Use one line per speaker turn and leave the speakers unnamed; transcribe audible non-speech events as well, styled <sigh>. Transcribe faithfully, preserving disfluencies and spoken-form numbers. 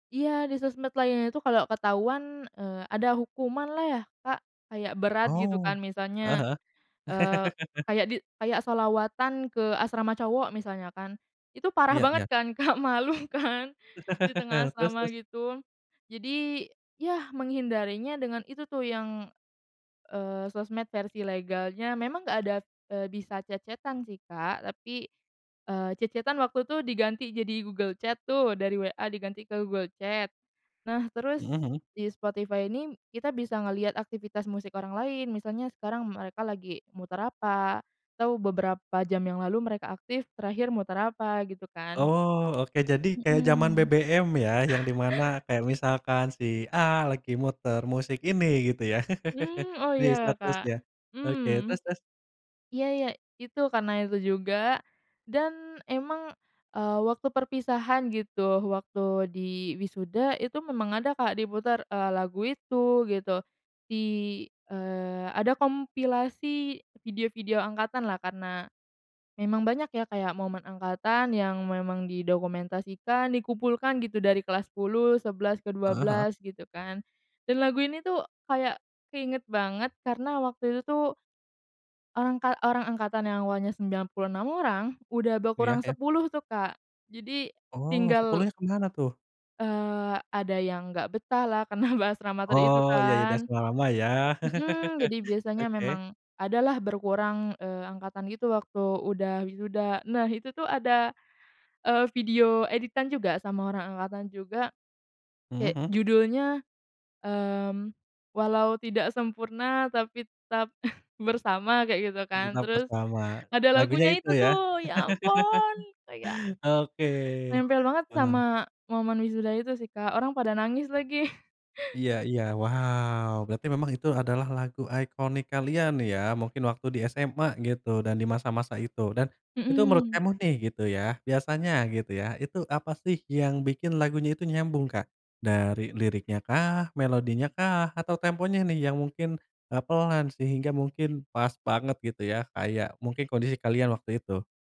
Iya di sosmed lainnya itu kalau ketahuan, eee, ada hukumanlah ya Kak kayak berat gitu
Oh,
kan
heeh
misalnya,
heeh.
eee,
<laughs>
kayak di kayak sholawatan ke asrama cowok misalnya kan, itu parah
Iya
banget
iya.
kan Kak malu kan, di tengah
<laughs> Terus
asrama
terus.
gitu. Jadi ya menghindarinya dengan itu tuh yang, eee, sosmed versi legalnya memang nggak ada, eee, bisa chat-chat-an sih Kak tapi, eee, chat-chat-an waktu itu diganti jadi Google Chat tuh dari WA diganti ke Google Chat. Nah terus,
Mhm mhm.
di Spotify ini kita bisa ngelihat aktivitas musik orang lain misalnya sekarang mereka lagi muter apa atau beberapa jam yang lalu mereka aktif terakhir muter apa gitu kan.
Oh oke jadi kayak jaman
Mhm.
be-be-em ya yang dimana
<chuckles>
kayak misalkan si A lagi muter musik ini gitu ya
Mmm, oh
<laughs> di
ya
statusnya.
Kak,
Oke, terus
mmm,
terus?
iya iya itu karena itu juga, dan emang, eee, waktu perpisahan gitu waktu di wisuda itu memang ada Kak diputar, eee, lagu itu gitu, di eee, ada kompilasi video-video angkatanlah karena, memang banyak ya kayak momen angkatan yang memang didokumentasikan dikumpulkan gitu dari kelas sepuluh, sebelas, ke dua
Heeh heeh.
belas gitu kan, dan lagu ini tuh kayak keinget banget karena waktu itu tuh angka orang angkatan yang awalnya sembilan puluh enam orang udah
Iya,
berkurang
ya.
sepuluh tuh Kak, jadi
Oh
tinggal
sepuluhnya kemana tuh?
Eee, ada yang gak betahlah karena bahas ramater itu
Oh ya ya udah <unintelligible>
kan.
lama ya. <chuckles>
Mhm, jadi biasanya
Oke.
memang ada lah berkurang, eee, angkatan gitu waktu udah wisuda. Nah itu tuh ada, eee, video editan juga sama orang angkatan juga,
Mhm
kayak
mhm.
judulnya, mmm, Walau Tidak Sempurna Tapi Tetap <chuckles> Bersama, kayak gitu kan
Pengguna
terus,
pertama,
ada
lagunya
lagunya
itu
itu
ya
tuh ya ampun kayak
<laughs> oke,
nempel banget
heeh.
sama momen wisuda itu sih Kak, orang pada nangis lagi.
Iya iya, wow berarti memang itu adalah lagu ikonik kalian ya mungkin waktu di SMA gitu dan di masa-masa itu dan, itu menurut
Mhm.
kamu nih gitu ya biasanya gitu ya itu apa sih yang bikin lagunya itu nyambung Kak? Dari liriknyakah, melodinyakah, atau temponya nih yang mungkin, eee, pelan sehingga mungkin pas banget gitu ya kayak mungkin kondisi kalian waktu itu?